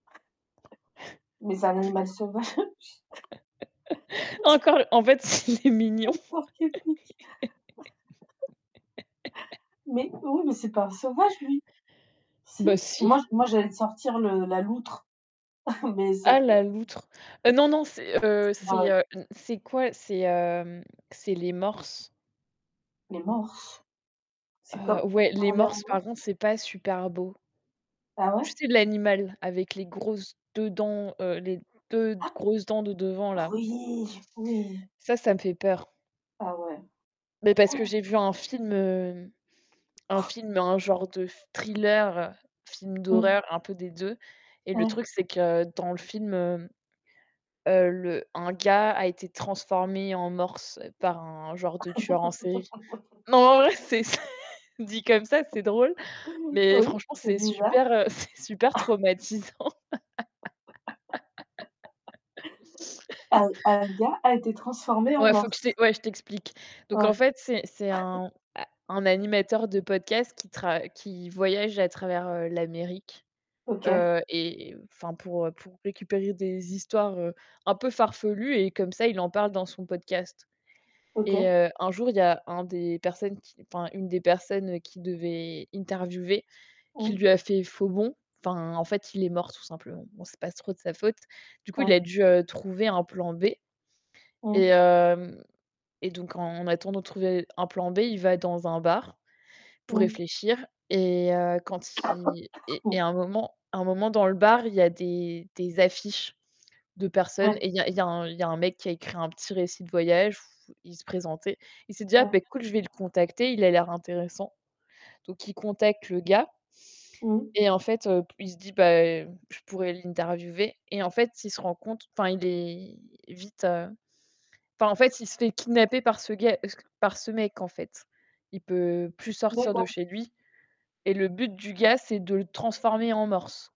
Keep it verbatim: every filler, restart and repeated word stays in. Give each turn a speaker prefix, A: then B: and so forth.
A: Mais c'est un animal sauvage.
B: Encore! En fait, c il est mignon!
A: Pauvre porc-épic Mais oui, mais c'est pas un sauvage lui? Si?
B: Bah
A: Moi
B: si!
A: j moi j'allais te sortir le la loutre mais c'est
B: Ah
A: pas
B: la
A: c'est
B: loutre, heu, non, non, c'est, heu,
A: C'est
B: c'est,
A: drôle.
B: hem, c'est quoi? C'est, hem, c'est les morses.
A: Mais morse? C'est comme
B: Heu, ouais, les
A: parler en
B: morses, par contre,
A: morse?
B: c'est pas super beau.
A: Ah
B: Tu
A: ouais?
B: sais, l'animal avec les grosses deux dents, heu, les deux
A: Ah?
B: grosses dents de devant, là?
A: Oui, j oui.
B: Ça, ça me fait peur.
A: Ah ouais.
B: Mais parce que j'ai vu un film, heu, un film, un genre de thriller, film
A: Mmh.
B: d'horreur, un peu des deux et le
A: Ouais.
B: truc, c'est que dans le film, heu heu, le un gars a été transformé en morse par un genre de tueur en série. Non, en vrai c'est dit comme ça, c'est drôle mais
A: Oui,
B: franchement,
A: c'est
B: c'est
A: bizarre.
B: super c'est super traumatisant.
A: Un un gars a été transformé en
B: Ouais, faut que je
A: morse?
B: t'é ouais, je t'explique, donc en
A: Ouais.
B: fait, c'est c'est un un animateur de podcast qui tra qui voyage à travers l'Amérique,
A: OK.
B: heu et enfin pour, heu, pour récupérer des histoires, heu, un peu farfelues et comme ça, il en parle dans son podcast et
A: OK.
B: heu, un jour, il y a un des personnes qui enfin, une des personnes qui devait interviewer qui
A: Mmh.
B: lui a fait faux bond, enfin, en fait, il est mort tout simplement. Bon, c'est pas trop de sa faute, du coup, il
A: Ouais.
B: a dû, heu, trouver un plan B et
A: Mmh.
B: hem, et donc en attendant de trouver un plan B, il va dans un bar pour
A: Mmh.
B: réfléchir et heu, quand il et et à un moment à un moment dans le bar, il y a des des affiches de personnes
A: Ouais.
B: et il y a il y a il y a un mec qui a écrit un petit récit de voyage où il se présentait. Il s'est dit: «Ah
A: Ouais.
B: beh cool, je vais le contacter, il a l'air intéressant» donc il contacte le gars
A: Mmh.
B: et en fait, heu, p il se dit: «Bah, je pourrais l'interviewer», et en fait, il se rend compte enfin, il est vite, heu enfin, en fait, il se fait kidnapper par ce gars c que par ce mec, en fait. Il peut plus sortir de
A: D'accord.
B: chez lui et le but du gars, c'est de le transformer en morse.